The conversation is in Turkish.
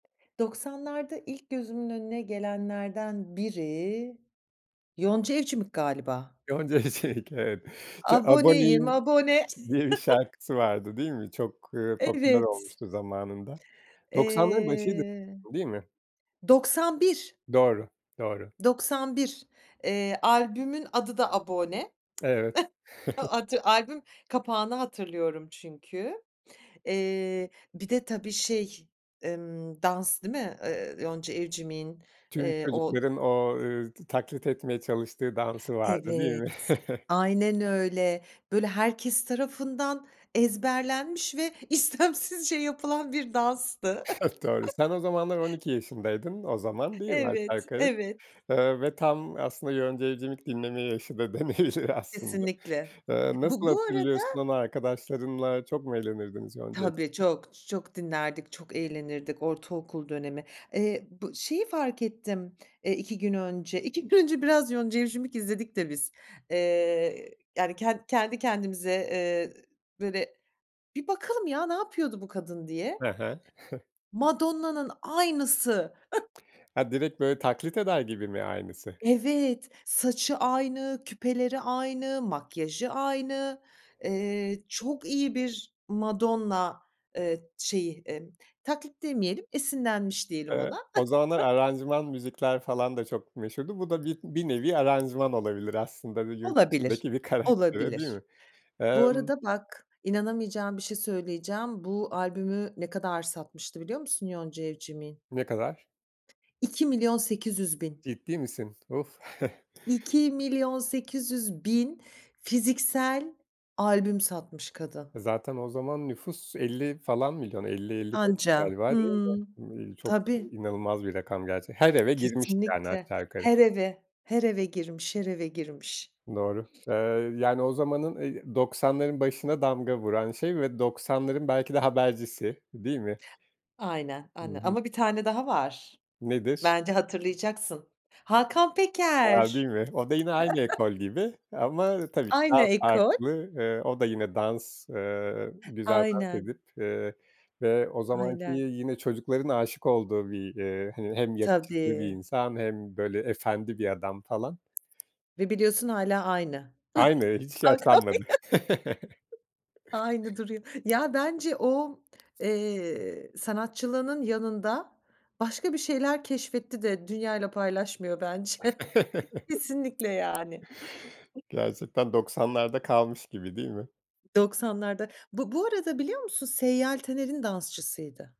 90´larda ilk gözümün önüne gelenlerden biri, Yonca Evcimik galiba. Yonca Evcimik evet, ç Aboneyim, Aboneyim abone. diye bir şarkısı vardı değil mi? Çok, ııı, popüler Evet. olmuştu zamanında 90´ların başıydı Eee, değil mi? 91. Doğru doğru. 91. Eee, albümün adı da Abone. Evet. Adı albüm kapağını hatırlıyorum çünkü. Eee, bir de tabii şey, emm, dans değil mi? Iıı, Yonca Evcimik'in, Tüm eee, o çocukların o, ııı, t taklit etmeye çalıştığı dansı vardı değil mi? Evet, aynen öyle. Böyle, herkes tarafından ezberlenmiş ve istemsizce yapılan bir danstı. Doğru. Sen o zamanlar 12 yaşındaydın. O zaman, değil mi aşağı Evet, yukarı? evet. Iıı, ve tam aslında Yonca Evcimik dinleme yaşı da denebilir aslında. Kesinlikle. Eee, Bu nasıl bu hatırlıyorsun arada onu arkadaşlarınla? Çok mu eğlenirdiniz Yonca Tabii Evcimik'le? çok, çok dinlerdik, çok eğlenirdik ortaokul dönemi. Eee, bu şeyi fark ettim, eee, 2 gün önce, 2 gün önce, biraz Yonca Evcimik izledik de biz. Eee, yani ken kendi kendimize, eee, böyle "Bir bakalım ya ne yapıyordu bu kadın." diye. E he. Hı. Madonna'nın aynısı. Ha direkt böyle taklit eder gibi mi aynısı? Evet, saçı aynı, küpeleri aynı, makyajı aynı. Eee, çok iyi bir Madonna, eee, şeyi, eee, taklit demeyelim, esinlenmiş diyelim Evet. ona. O zamanlar, aranjman müzikler falan da çok meşhurdu. Bu da bi bir nevi aranjman olabilir aslında, bir yurt Olabilir, dışındaki bir karaktere değil olabilir. mi? Bu Emm arada bak, inanamayacağın bir şey söyleyeceğim. Bu albümü, ne kadar satmıştı biliyor musun Yonca Evcimik'in? Ne kadar? 2.800.000. Ciddi misin? Of! 2.800.000 fiziksel albüm satmış kadın. Zaten o zaman nüfus 50 falan milyon 50-55 Anca galiba değil mi? Hıı, İii, çok tabii. inanılmaz bir rakam gerçek Her eve girmiş yani Kesinlikle, aşağı yukarı. her eve, her eve girmiş, her eve girmiş Doğru, eee, yani o zamanın, eee 90´ların başına damga vuran şey ve 90´ların belki de habercisi değil mi? Aynen, Hı anne hı. ama bir tane daha var. Nedir? Bence hatırlayacaksın. Hakan A! Peker. Değil mi? O da yine aynı ekol gibi, ama tabii ki Aynı daha ekol. farklı. Eee, o da yine dans, eee, güzel dans Aynen. edip, eee, ve o zamanki, Aynen. yine çocukların aşık olduğu bir, eee, hani hem yakışıklı bir Tabii. insan, hem böyle efendi bir adam falan. Ve biliyorsun hâlâ aynı. Aynı, hiç yaşlanmadı. [unintelligible] Aynı duruyor. Ya bence o, eee, sanatçılığının yanında, başka bir şeyler keşfetti de dünyayla paylaşmıyor bence kesinlikle yani. Gerçekten 90´larda kalmış gibi değil mi? 90´larda. Bu bu arada biliyor musun Seyyal Taner'in dansçısıydı